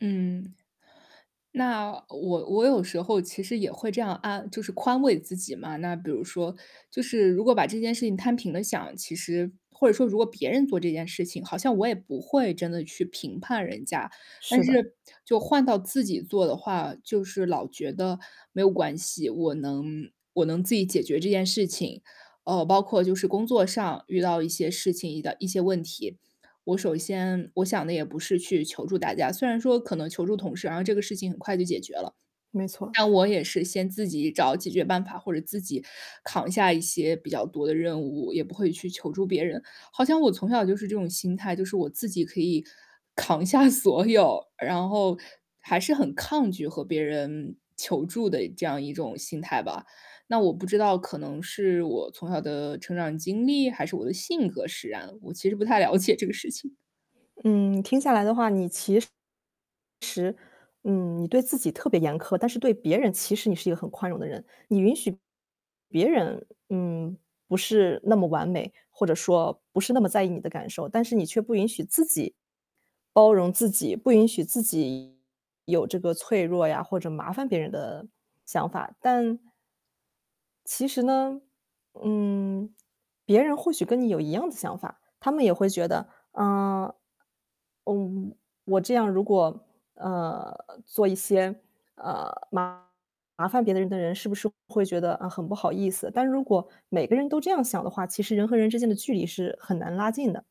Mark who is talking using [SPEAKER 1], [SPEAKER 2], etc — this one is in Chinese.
[SPEAKER 1] 嗯。那我我有时候其实也会这样安就是宽慰自己嘛，那比如说，就是如果把这件事情摊平了想，其实或者说如果别人做这件事情，好像我也不会真的去评判人家。但
[SPEAKER 2] 是的。
[SPEAKER 1] 是就换到自己做的话，就是老觉得没有关系，我能我能自己解决这件事情。呃，包括就是工作上遇到一些事情遇到一些问题。我首先我想的也不是去求助大家，虽然说可能求助同事，然后这个事情很快就解决了。
[SPEAKER 2] 没错。
[SPEAKER 1] 但我也是先自己找解决办法，或者自己扛下一些比较多的任务，也不会去求助别人。好像我从小就是这种心态，就是我自己可以扛下所有，然后还是很抗拒和别人求助的这样一种心态吧。那我不知道可能是我从小的成长经历，还是我的性格使然，我其实不太了解这个事情。
[SPEAKER 2] 嗯，听下来的话，你其实嗯，你对自己特别严苛，但是对别人，其实你是一个很宽容的人。你允许别人，嗯，不是那么完美，或者说不是那么在意你的感受。但是你却不允许自己包容自己，不允许自己有这个脆弱呀，或者麻烦别人的想法。但其实呢，嗯，别人或许跟你有一样子想法。他们也会觉得，嗯，呃，我这样如果，呃，做一些，呃，麻烦别的人的人是不是会觉得，呃，很不好意思。但如果每个人都这样想的话，其实人和人之间的距离是很难拉近的。